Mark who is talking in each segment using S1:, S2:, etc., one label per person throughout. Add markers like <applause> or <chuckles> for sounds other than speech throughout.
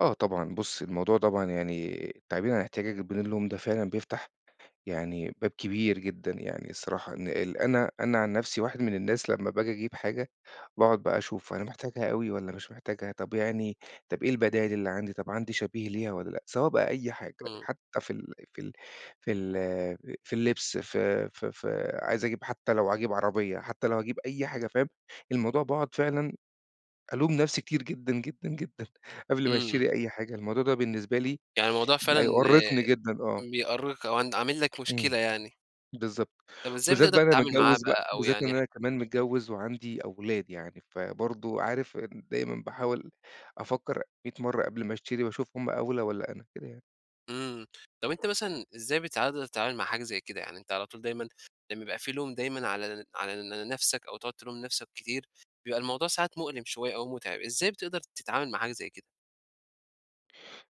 S1: آه طبعًا، بُص، الموضوع طبعًا يعني تعبير عن احتياجك بدون لوم، ده فعلًا بيفتَح يعني باب كبير جدًا. يعني الصراحة إن أنا أنا عن نفسي، واحد من الناس لمّا باجي أجيب حاجة، باقعُد بقى أشوف أنا محتاجها أوي والّا مش محتاجها، طَب يعني طَب إيه البدايِل اللي عندي، طَب عندي شبيه ليها والّا لأ، سواء بقى أي حاجة،
S2: إمم.
S1: حتى في ال في ال في ال في اللبس، في في في عايز أجيب حتى لو هاجيب عربية، حتى لو هاجيب أي حاجة، فاهم؟ الموضوع باقعُد فعلًا ألوم نفسي كتير جدًا، جدً، ا جدًا، قبل ما
S2: إمم.
S1: أشتري أي حاجة، الموضوع ده بالنسبة لي
S2: يعني الموضوع
S1: بقى
S2: فعلًا
S1: يُؤرِّقني جدًا، آه.
S2: آآ، بيأرق أو ع عامل لك
S1: إمم،
S2: مشكلة يعني.
S1: بالضبط،
S2: طب إزاي
S1: وبالذات
S2: بتقدر
S1: بقى أنا
S2: تتعامل معاه
S1: متجوِّز بقى،
S2: بقى؟ أو
S1: بالذات
S2: يعني
S1: إن
S2: اح
S1: أنا كمان متجوِّز وعندي أولاد. يعني فبرضه عارف، دايمًا باحاول أفكَّر ميِّة مرة قبل ما أشتري وأشوف هُم أولى والّا أنا، كده يعني.
S2: إمم طَب أنتَ مثلًا إزاي بتقدر تتعامل مع حاجة زي كده؟ يعني أنتَ على طول دايمًا لمّا يبقى في لوم دايمًا على ن على نفسك، أو تقعُد تلوم نفسك كتير، بيبقى الموضوع ساعات مؤلِم شوية أو متعِب، إزاي بتقدَر تتعامَل مع حاجة زي كده؟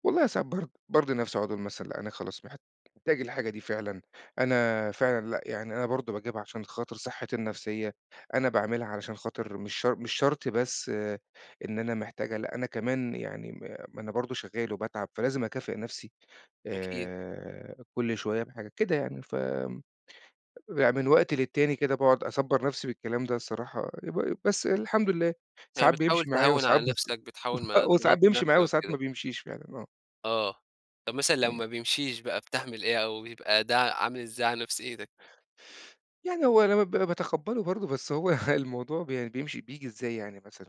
S1: والله ساعات برض بارضِي نفسي، أقعُد أقول مثلًا: "أنا خلاص محتاج الحاجة دي فعلًا، أنا فعلًا، لأ يعني أنا برضه باجيبها عشان خاطر صحتي النفسية، أنا باعملها علشان خاطِر مش شر مش شرط بس آآ، إن أنا محتاجها، لأ، أنا كمان يعني م ما أنا برضه شغّال وباتعَب، فلازم أكافِئ نفسي
S2: أكيد.
S1: آآ، كل شوية بحاجة، كده يعني." ف يعني من وقت للتاني كده باقعُد أصبِّر نفسي بالكلام ده الصراحة، ب بس الحمد لله
S2: يعني
S1: ساعات
S2: بتحاول
S1: بيمشي معايا
S2: تهون
S1: وساعات ب
S2: على نَفْسك، بتحاول
S1: <chuckles>
S2: ما
S1: وساعات
S2: تضغطش
S1: بيمشي
S2: نَفْسك
S1: معايا وساعات
S2: وكده.
S1: ما بيمشيش فعلًا، آه.
S2: آه، طَب مثلًا لو
S1: إمم.
S2: ما بيمشيش بقى، بتعمل إيه أو بيبقى ده عامل إزاي على نفسيتك؟
S1: يعني هو أنا ب أنا باتقبَّله برضه، بس هو الموضوع ب يعني بيمشي بييجي إزاي يعني مثلًا؟